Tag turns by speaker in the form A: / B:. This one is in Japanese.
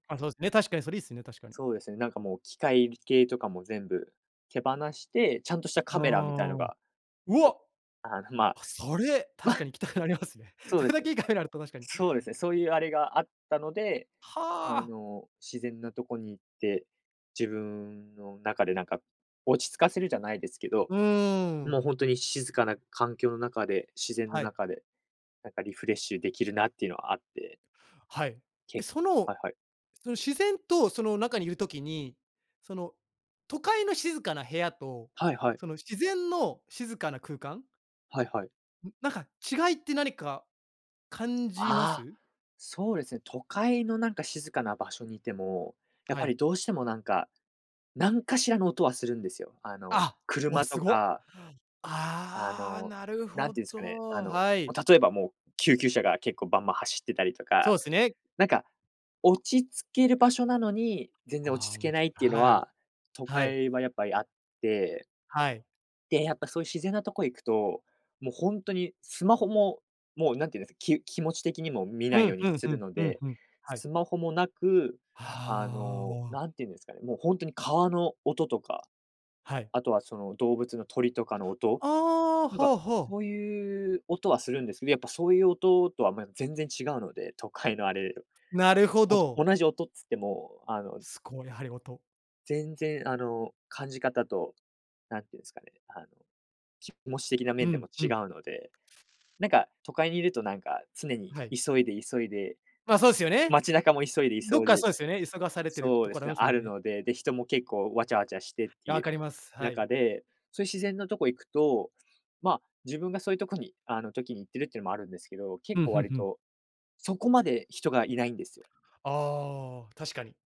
A: あ、そうですね。確かにそれいいすっよね、確かに。
B: そうですね、なんかもう機械系とかも全部手放して、ちゃんとした
A: あ
B: カメラみたい
A: あ。
B: のが、
A: う
B: こ
A: わ。
B: う、あのま、
A: あ、それ
B: ま、
A: 確かに行きたくな
B: [unintelligible]
A: りますね。
B: そう
A: そ
B: で
A: れ
B: す
A: だ
B: ね。
A: けいいカメラあると確かに。
B: そうですね、そういうあれがあったので、あ
A: はあ。
B: の、自然なとこに行って、自分の中で、なんか、落ち着かせるじゃないですけど、
A: うー
B: もう、
A: ん。
B: ほんとに静かな環境の中で、自然の
A: はい。
B: 中で、なんか、リフレッシュできるなっていうのはあって。
A: はい、で、
B: け
A: その、
B: はいはい。
A: その自然とその中にいる時に、その都会の静かな部屋と
B: はいはい。
A: その自然の静かな空間
B: はいはい。
A: なんか違いって何か感じま
B: ああ、
A: す？
B: そうですね、都会のなんか静かな場所にいても、やっ
A: は
B: ぱ
A: い。
B: りどうしてもなんか、なんかしらの音はするんですよ、あの、
A: あ、わ、
B: 車
A: す
B: と
A: ご。
B: かあ
A: ああ、
B: の、
A: なる
B: な
A: ほ
B: んていうんすかね、あ
A: ど、
B: の、
A: はい。
B: 例えばもう、救急車が結構バンバン走ってたりとか、
A: そうっすね。
B: なんか、落ち着ける場所なのに、全然
A: あ
B: 落
A: あ、
B: ち
A: お
B: 着
A: も
B: けな
A: ち
B: い
A: ろ
B: っていうの
A: はい。
B: は、都
A: はい。
B: 会はやっぱりあって。
A: はい。
B: で、やっぱそういう自然なとこ行くと、もうほんとにスマホも、もう何て言うんです、き気持ち的にも見
A: う
B: ない
A: ん
B: よう
A: う
B: に
A: ん
B: す
A: う
B: る
A: ん
B: の
A: うん
B: で、
A: うん。はい。
B: スマホもなく
A: は
B: あの
A: あ。
B: 何て言うんですかね、もうほんとに川の音とか、
A: はい。
B: あとはその動物の鳥とかの音、
A: ああ、
B: なん
A: は
B: か
A: あはあ。
B: そういう音はするんですけど、やっぱそういう音とはま、全然違うので、都会のあれ。
A: なるほど。
B: お同じ音っつっても、あの
A: す、こう、やはり音
B: 全然あの、感じ方と、なんて言うんですかね、あの、気持ち的な
A: う
B: 面でも
A: んう
B: 違
A: ん。
B: うので、なんか都会にいるとなんか、常に
A: はい。
B: 急いで、急いで、
A: ま、そうすっよね。
B: 街中も急いで、
A: どっ
B: 急い
A: か
B: で
A: そうすよね、急がされてる
B: そう
A: と
B: で
A: ころ
B: す
A: あり
B: ね、
A: ますも
B: あ
A: ん
B: る
A: ね。
B: ので、で、人も結構わちゃわちゃしてってい
A: 分
B: う
A: かります、はい。
B: 中で、そういう自然なとこ行くと、ま、自分がそういうとこに、あの時に行ってるっていうのもあるんですけど、結
A: ふん
B: 構
A: ふん
B: 割
A: ふん。
B: とそこまで人がいないんですよ。
A: ああ、確かに。